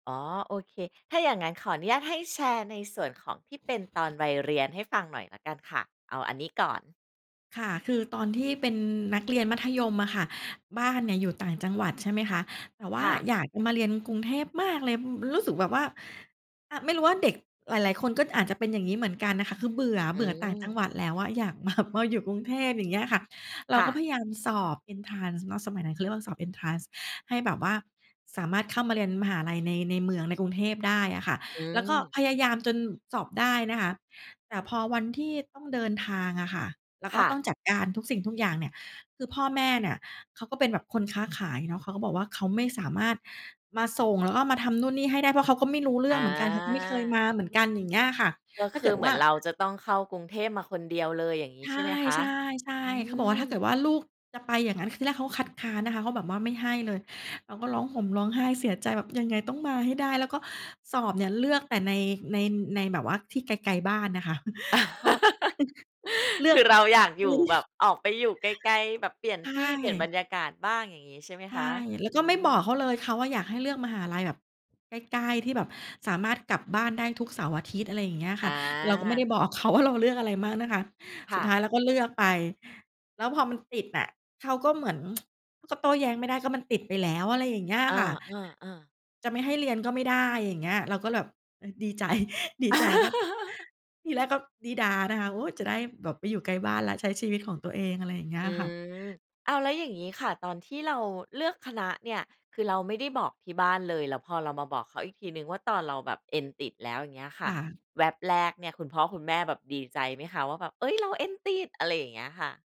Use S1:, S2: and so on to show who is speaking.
S1: อ๋อ โอเค ถ้าอย่างงั้นขออนุญาตให้แชร์ในส่วนของที่เป็นตอนวัยเรียนให้ฟังหน่อยละกันค่ะ? เอาอันนี้ก่อน
S2: ค่ะ คือตอนที่เป็นนักเรียนมัธยมอะค่ะ บ้านเนี่ยอยู่ต่างจังหวัด ใช่ไหมคะ แต่ว่
S1: ค
S2: า
S1: ่ะ
S2: อยากจะมาเรียนกรุงเทพมากเลย อืม รู้สึกแบบว่า ไม่รู้ว่าเด็กหลาย ๆ คนก็อาจจะเป็นอย่างงี้ เหมือนกันน่ะค่ะ คือเบื่อ
S1: อื
S2: เบื่อต่างจัง
S1: ม
S2: หวัดแล้วอะ อยาก มา มาอยู่กรุงเทพ อย่างเงี้ยค่ะ เรา
S1: ค่
S2: ก็พ
S1: ะ
S2: ยายามสอบเอนทรานซ์เนาะ สมัยนั้นเขาเรียกว่า สอบเอนทรานซ์ให้แบบว่าสามารถเข้ามาเรียนมหาลัยใน ในเมือง ในกรุงเทพได้อะค่ะ
S1: อื
S2: แล้วก็
S1: ม
S2: พยายามจนสอบได้นะคะ แต่พอวันที่ต้องเดินทางอะค่ะ แล้วก
S1: ค
S2: ็
S1: ่
S2: ต้อง
S1: ะ
S2: จัดการทุกสิ่งทุกอย่างเนี่ย คือพ่อแม่เนี่ย เขาก็เป็นแบบคนค้าขายเนาะ เขาก็บอกว่า "เขาไม่สามารถมาส่ง แล้วก็มาทำนู่นนี่ให้ได้ เพราะเขาก็ไม่รู้เรื
S1: อ
S2: ่อง
S1: า
S2: เหมือนกัน เขาก็ไม่เคยมาเหมือนกัน" อย่างเงี้ยค่ะ
S1: ก็
S2: ถ้
S1: ค
S2: าเก
S1: ื
S2: ิ
S1: อ
S2: ด
S1: เห
S2: ว
S1: มื
S2: ่
S1: อ
S2: า
S1: นเราจะต้องเข้ากรุงเทพมาคนเดียวเลย อย่างงี้
S2: ใช
S1: ใช่ไหมคะ?
S2: ่
S1: อื
S2: ๆ ๆ เขาบอกว่า ถ้าเกิ
S1: ม
S2: ดว่า ลูกจะไปอย่างงั้น ทีแรกเขาคัดค้านนะคะ เขาแบบว่าไม่ให้เลย เราก็ร้องห่มร้องไห้เสียใจแบบยังไงต้องมาให้ได้ แล้วก็สอบเนี่ยเลือกแต่ใน ใน ในแบบว่าที่ไกล ๆ บ้านนะคะ เพราะ เลื
S1: ค
S2: อก
S1: ือเราอยากอยู่แบบออกไปอยู่ไกล ๆ แบบเปลี่ยน
S2: ใช
S1: ที่ เปลี่ยน
S2: ่
S1: บรรยากาศบ้าง อย่างงี้ใช่ไหม
S2: ใช
S1: ค
S2: ่
S1: ะ?
S2: แล้ว
S1: อื
S2: ก็ไม่บอก
S1: ม
S2: เขาเลย เขาอะอยากให้เลือกมหาลัยแบบใกล้ ๆ ที่แบบสามารถกลับบ้านได้ทุกเสาร์-อาทิตย์ อะไรอย่างเงี้ยค
S1: อ
S2: ่ะ เราก็ไม่ได
S1: า
S2: ้บอก เขา ว่า เราเลือกอะไรบ้างนะคะ
S1: ค
S2: ส
S1: ่
S2: ุดท
S1: ะ
S2: ้ายเราก็เลือกไป แล้วพอมันติดอะ เขาก็เหมือน ก็โต้แย้งไม่ได้ก็มันติดไปแล้ว อะไรอย่างเงี้ย
S1: อ
S2: ค่ะ
S1: า ๆ ๆ
S2: จะไม่ให้เรียนก็ไม่ได้ อย่างเงี้ย เราก็แบบ เอ่อ ดีใจ ดีใจแล้วก็ ที่แรก ก็ดี๊ด๊านะคะ โอ๊ย! จะได้แบบไปอยู่ใกล้บ้านและใช้ชีวิตของตัวเอง อะไรอย่างเงี้
S1: อ
S2: ย
S1: ื
S2: ค่ะ
S1: ม อ้าว! แล้วอย่างงี้ค่ะ ตอนที่เราเลือกคณะเนี่ย คือเราไม่ได้บอกที่บ้านเลย แล้วพอเรามาบอกเขาอีกทีหนึ่งว่า ตอนเราแบบเอ็นติดแล้ว อย่างเงี้ยค่
S2: ค
S1: ะ
S2: ่ะ
S1: แวบแรกเนี่ย คุณพ่อคุณแม่แบบดีใจไหมคะ? ว่าแบบ เฮ่ย! เราเอ็นติด อะไรอย่างเงี้ยค่ะ